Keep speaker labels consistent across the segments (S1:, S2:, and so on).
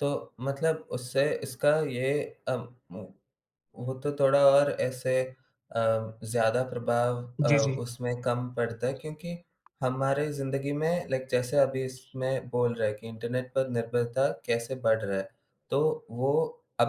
S1: तो मतलब उससे इसका ये अब मु वो तो थोड़ा और ऐसे अ, ज़्यादा प्रभाव अ,
S2: जी, जी।
S1: उसमें कम पड़ता है, क्योंकि हमारे ज़िंदगी में लाइक जैसे अभी इसमें बोल रहा है कि इंटरनेट पर निर्भरता कैसे बढ़ रहा है? तो वो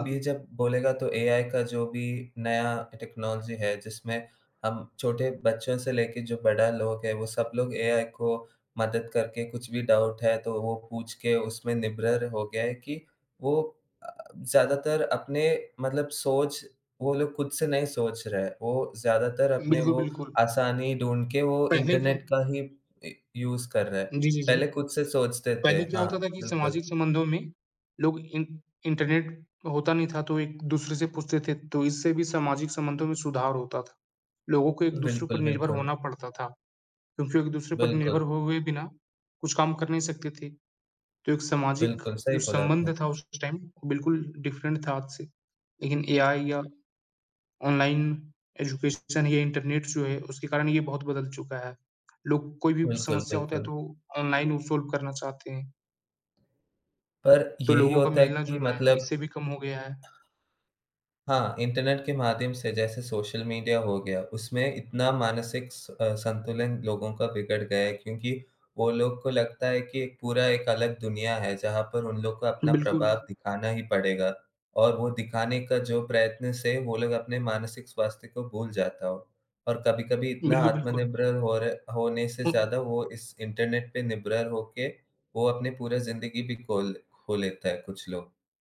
S2: हुँ, हुँ।
S1: जब बोलेगा, तो एआई का जो भी नया टेक्नोलॉजी है, जिसमें हम छोटे बच्चों से लेके जो बड़ा लोग है, वो सब लोग एआई को मदद करके कुछ भी डाउट है तो वो पूछ के उसमें निर्भर हो गए हैं कि वो अ, ज़्यादातर अपने मतलब सोच वो लोग खुद से नहीं सोच रहे हैं, वो ज़्यादातर अपने
S2: बिल्कुल,
S1: वो
S2: बिल्कुल।
S1: आसानी ढूँढ़ के वो
S2: पहले क्या?
S1: इंटरनेट का ही इ यूज़ कर रहे हैं।
S2: जी, जी, जी।
S1: पहले खुद से सोचते थे।
S2: पहले क्या होता
S1: हाँ,
S2: था कि
S1: बिल्कुल।
S2: सामाजिक संबंधों में लोग इं इंटरनेट होता नहीं था, तो एक-दूसरे से पूछते थे, तो इससे भी सामाजिक संबंधों में सुधार होता था। लोगों को एक-दूसरे पर
S1: बिल्कुल,
S2: निर्भर
S1: बिल्कुल।
S2: होना पड़ता था, क्योंकि एक-दूसरे पर निर्भर
S1: बिल्कुल।
S2: होए बिना, कुछ काम कर नहीं सकते थे। तो एक सामाजिक
S1: बिल्कुल, सही
S2: जो
S1: बोला आपने।
S2: संबंध था उस टाइम बिल्कुल डिफरेंट था आज से। लेकिन एआई या ऑनलाइन एजुकेशन या इंटरनेट जो है उसके कारण ये बहुत बदल चुका है। लोग कोई भी
S1: बिल्कुल,
S2: समस्या होता है,
S1: बिल्कुल।
S2: तो ऑनलाइन वो सॉल्व करना चाहते हैं।
S1: पर
S2: तो
S1: यही
S2: लोगों का
S1: होता है कि
S2: मिलना-जुलना
S1: मतलब
S2: इससे भी कम हो गया है।
S1: हाँ, इंटरनेट के माध्यम से, जैसे सोशल मिडिया हो गया उसमें इतना मानसिक स अ, संतुलन लोगों का बिगड़ गया क्योंकि वो लोग को लगता है कि पूरा एक अलग दुनिया है, जहाँ पर उन लोग को अपना प्रभाव
S2: बिल्कुल।
S1: दिखाना ही पड़ेगा और वो दिखाने का जो प्रयत्न से, वो लोग अपने मानसिक स्वास्थ्य को भूल जाता हो और कभी-कभी इतना
S2: बिल्कुल, बिल्कुल।
S1: आत्मनिर्भर होरे होने से
S2: हुँ।
S1: ज़्यादा वो इस इंटरनेट पे निर्भर होके वो अपने पूरा ज़िंदगी भी खोल खो लेता है कुछ लोग।